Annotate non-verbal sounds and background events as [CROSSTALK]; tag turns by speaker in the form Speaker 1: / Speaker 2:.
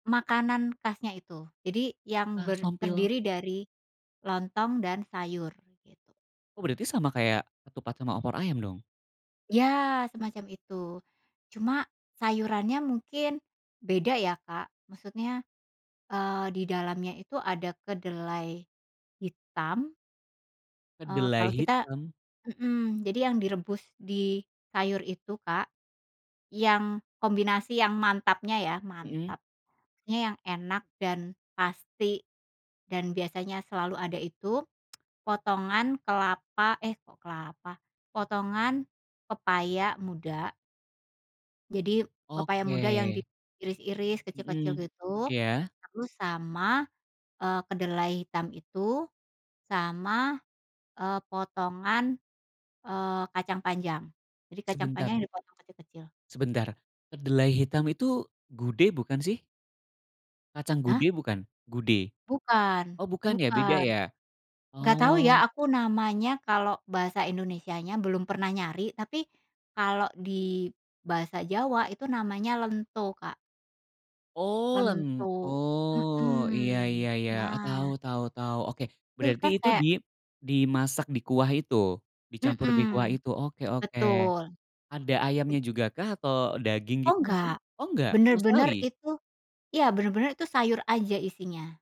Speaker 1: Makanan khasnya itu, jadi yang
Speaker 2: Ah,
Speaker 1: ber
Speaker 2: sompil.
Speaker 1: terdiri dari lontong dan sayur, gitu.
Speaker 2: Oh, berarti sama kayak ketupat sama opor ayam dong?
Speaker 1: Iya, semacam itu. Cuma sayurannya mungkin beda ya, Kak, maksudnya, eee, didalamnya itu ada kedelai hitam eee,
Speaker 2: Kedelai
Speaker 1: kalau kita
Speaker 2: hitam?
Speaker 1: mmm, jadi yang direbus di sayur itu, Kak, yang kombinasi yang mantapnya ya,
Speaker 2: Mhm.
Speaker 1: mantap. Ya yang enak dan pasti, dan biasanya selalu ada itu, [TSK] potongan kelapa eh, kok kelapa. Potongan pepaya muda. Jadi pepaya muda yang
Speaker 2: Oke.
Speaker 1: diiris-iris kecil-kecil
Speaker 2: Mmm,
Speaker 1: gitu,
Speaker 2: iya.
Speaker 1: lalu sama, eee, kedelai hitam itu, sama, eee, potongan, eee, kacang panjang. Jadi kacang panjang
Speaker 2: Sebentar
Speaker 1: dipotong kecil-kecil.
Speaker 2: Sebentar, kedelai hitam itu gude bukan sih? Kacang
Speaker 1: Hah?
Speaker 2: gude bukan? Gude.
Speaker 1: Bukan
Speaker 2: Oh bukan ya, beda
Speaker 1: bukan.
Speaker 2: ya.
Speaker 1: Enggak tahu ya
Speaker 2: Oh.
Speaker 1: aku namanya, kalau bahasa Indonesianya belum pernah nyari, tapi kalau di bahasa Jawa itu namanya lento, Kak.
Speaker 2: Oh lento.
Speaker 1: Lento,
Speaker 2: Iya
Speaker 1: mhm,
Speaker 2: iya iya, tahu
Speaker 1: nah
Speaker 2: tahu tahu. Oke,
Speaker 1: Tuh
Speaker 2: berarti
Speaker 1: kan
Speaker 2: itu di
Speaker 1: kayak
Speaker 2: dimasak di kuah itu, dicampur di kuah
Speaker 1: Mmm,
Speaker 2: itu? Oke oke.
Speaker 1: betul.
Speaker 2: Ada ayamnya jugakah atau daging
Speaker 1: Oh,
Speaker 2: gitu mungkin?
Speaker 1: enggak.
Speaker 2: Oh, enggak, sama
Speaker 1: Benar-benar
Speaker 2: sekali?
Speaker 1: itu iya, benar-benar itu sayur aja isinya.